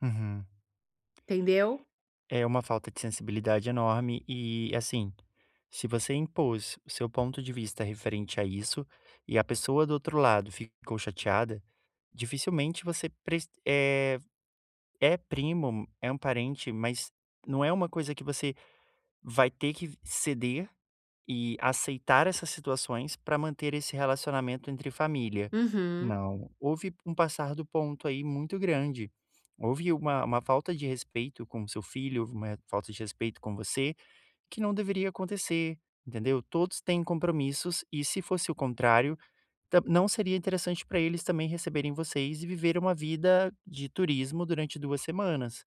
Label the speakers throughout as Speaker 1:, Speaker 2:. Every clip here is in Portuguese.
Speaker 1: Uhum.
Speaker 2: Entendeu?
Speaker 1: É uma falta de sensibilidade enorme e assim, se você impôs o seu ponto de vista referente a isso e a pessoa do outro lado ficou chateada, dificilmente você preci eh, é primo, é um parente, mas não é uma coisa que você vai ter que ceder e aceitar essas situações pra manter esse relacionamento entre família.
Speaker 2: Uhum.
Speaker 1: Não, houve um passar do ponto aí muito grande. Houve uma uma falta de respeito com o seu filho, houve uma falta de respeito com você que não deveria acontecer, entendeu? Todos têm compromissos e se fosse o contrário, ta não seria interessante pra eles também receberem vocês e viver uma vida de turismo durante 2 semanas.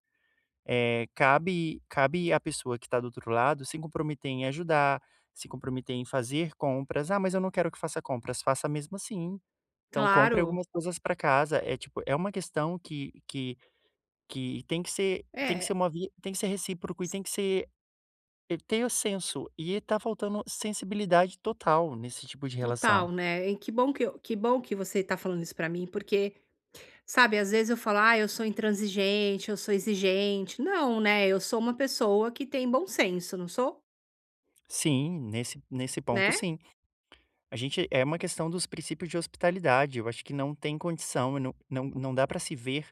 Speaker 1: Eh, cabe cabe à pessoa que tá do outro lado se comprometer em ajudar, se comprometer em fazer compras. "Ah, eu não quero que faça compras." Faça mesmo assim. Então compre
Speaker 2: Claro.
Speaker 1: algumas coisas pra casa. É tipo, é uma questão que que que tem que ser tem que
Speaker 2: É.
Speaker 1: ser uma via tem que ser recíproco e tem que ser ter o senso e tá faltando sensibilidade total nesse tipo de relação.
Speaker 2: Total né, e que bom que que bom que você tá falando isso pra mim porque, sabe, às vezes eu falo, ah, eu sou intransigente eu sou exigente. Não, né, eu sou uma pessoa que tem bom senso, não sou?
Speaker 1: Sim, nesse nesse ponto
Speaker 2: Né?
Speaker 1: sim. A gente é uma questão dos princípios de hospitalidade, eu acho que não tem condição não não não dá pra se ver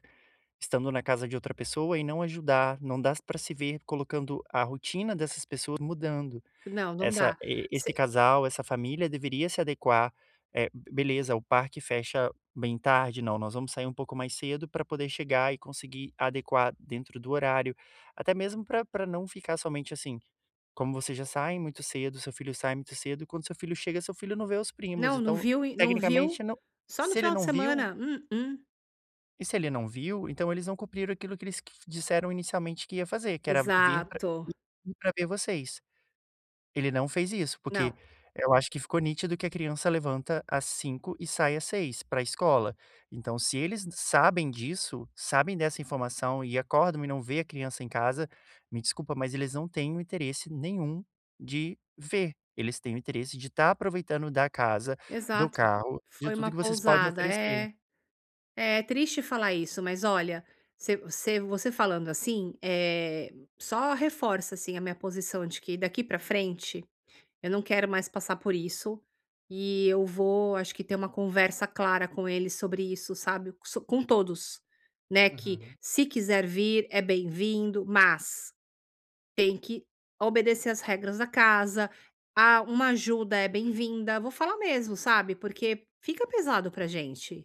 Speaker 1: estando na casa de outra pessoa e não ajudar, não dá pra se ver colocando a rotina dessas pessoas mudando.
Speaker 2: Não, não
Speaker 1: Essa
Speaker 2: dá
Speaker 1: esse
Speaker 2: se
Speaker 1: casal, essa família deveria se adequar, eh, beleza, o parque fecha bem tarde não, nós vamos sair um pouco mais cedo pra poder chegar e conseguir adequar dentro do horário, até mesmo pra pra não ficar somente, assim, como você já sai muito cedo, o seu filho sai muito cedo e quando o seu filho chega seu filho não vê os primos.
Speaker 2: Não, não
Speaker 1: Então,
Speaker 2: viu e não viu
Speaker 1: tecnicamente não,
Speaker 2: só no
Speaker 1: se ele
Speaker 2: final de
Speaker 1: não viu
Speaker 2: semana mm-mm.
Speaker 1: E se ele não viu, então eles não cumpriram aquilo que eles q disseram inicialmente que ia fazer que era vir pra
Speaker 2: Exato.
Speaker 1: pra ver vocês. Ele não fez isso porque
Speaker 2: Não.
Speaker 1: eu acho que ficou nítido que a criança levanta às 05:00 e sai às 06:00 pra escola. Então se eles sabem disso, sabem dessa informação e acordam e não vê a criança em casa, me desculpa mas eles não têm o interesse nenhum de ver, eles têm o interesse de estar aproveitando da casa, do
Speaker 2: Exato,
Speaker 1: carro, de
Speaker 2: foi
Speaker 1: tudo
Speaker 2: uma
Speaker 1: que vocês podem
Speaker 2: pousada
Speaker 1: oferecer.
Speaker 2: é, é triste falar isso, mas olha, você você falando, assim, eh, só reforça assim a minha posição de que daqui pra frente eu não quero mais passar por isso, e eu vou acho que ter uma conversa clara com ele sobre isso, sabe, com todos, né, que
Speaker 1: Uhum.
Speaker 2: se quiser vir é bem-vindo, mas tem que obedecer as regras da casa a uma ajuda é bem-vinda, vou falar mesmo, sabe, porque fica pesado pra gente.